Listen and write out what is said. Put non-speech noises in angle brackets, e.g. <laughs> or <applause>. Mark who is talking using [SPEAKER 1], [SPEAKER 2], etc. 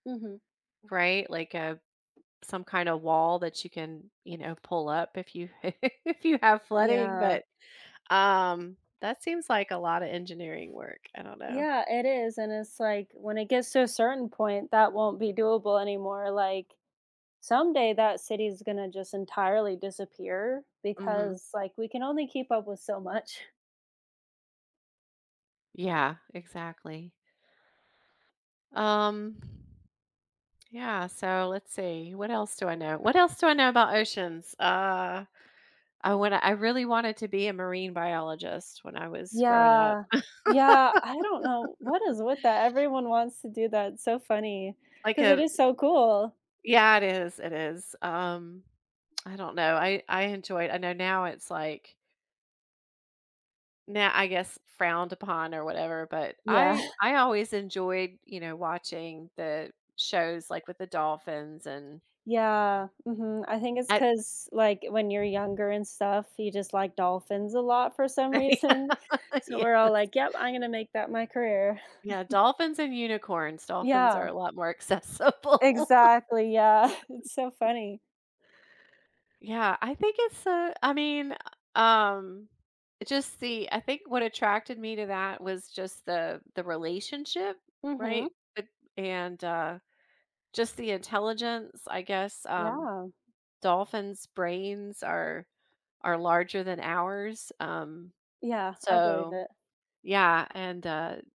[SPEAKER 1] Mhm.
[SPEAKER 2] Right, like a some kinda wall that you can, you know, pull up if you <chuckles> if you have flooding,
[SPEAKER 1] Yeah.
[SPEAKER 2] but, um, that seems like a lotta engineering work. I don't know.
[SPEAKER 1] Yeah, it is, and it's like, when it gets to a certain point, that won't be doable anymore, like, someday that city is gonna just entirely disappear
[SPEAKER 2] Mhm.
[SPEAKER 1] because, like, we can only keep up with so much.
[SPEAKER 2] Yeah, exactly. Um Yeah. So, let's see, what else do I know? What else do I know about oceans? Uh, I wanna I really wanted to be a marine biologist when I was growing up.
[SPEAKER 1] Yeah. Yeah, I don't know what
[SPEAKER 2] <laughs>
[SPEAKER 1] is with that, everyone wants to do that, it's so funny,
[SPEAKER 2] Like
[SPEAKER 1] 'cause it
[SPEAKER 2] a
[SPEAKER 1] is
[SPEAKER 2] b
[SPEAKER 1] so cool.
[SPEAKER 2] Yeah, it is, it is, um, I don't know. I I enjoy it. I know now it's like now, I guess frowned upon or whatever, but
[SPEAKER 1] Yeah.
[SPEAKER 2] I
[SPEAKER 1] <chuckles>
[SPEAKER 2] I always enjoyed, you know, watching the shows, like, with the dolphins and
[SPEAKER 1] Yeah, mhm, I think it's
[SPEAKER 2] at
[SPEAKER 1] 'cause, like, when you're younger and stuff, you just like dolphins a lot for some reason,
[SPEAKER 2] <laughs>
[SPEAKER 1] so
[SPEAKER 2] Yeah,
[SPEAKER 1] we're all
[SPEAKER 2] yes.
[SPEAKER 1] like, "Yep, I'm gonna make that my career."
[SPEAKER 2] Yeah,
[SPEAKER 1] <chuckles>
[SPEAKER 2] dolphins and unicorns. Dolphins are
[SPEAKER 1] Yeah.
[SPEAKER 2] a lot more accessible.
[SPEAKER 1] Exactly, yeah, <chuckles> it's so
[SPEAKER 2] <chuckles>
[SPEAKER 1] funny.
[SPEAKER 2] Yeah, I think it's, uh I mean, um, it just the I think what attracted me to that was just the the relationship, right,
[SPEAKER 1] Mhm.
[SPEAKER 2] eh and, uh, just the intelligence, I guess, um,
[SPEAKER 1] Yeah.
[SPEAKER 2] dolphins' brains are are larger than ours, um,
[SPEAKER 1] Yeah, I believe
[SPEAKER 2] so,
[SPEAKER 1] it.
[SPEAKER 2] yeah, and, uh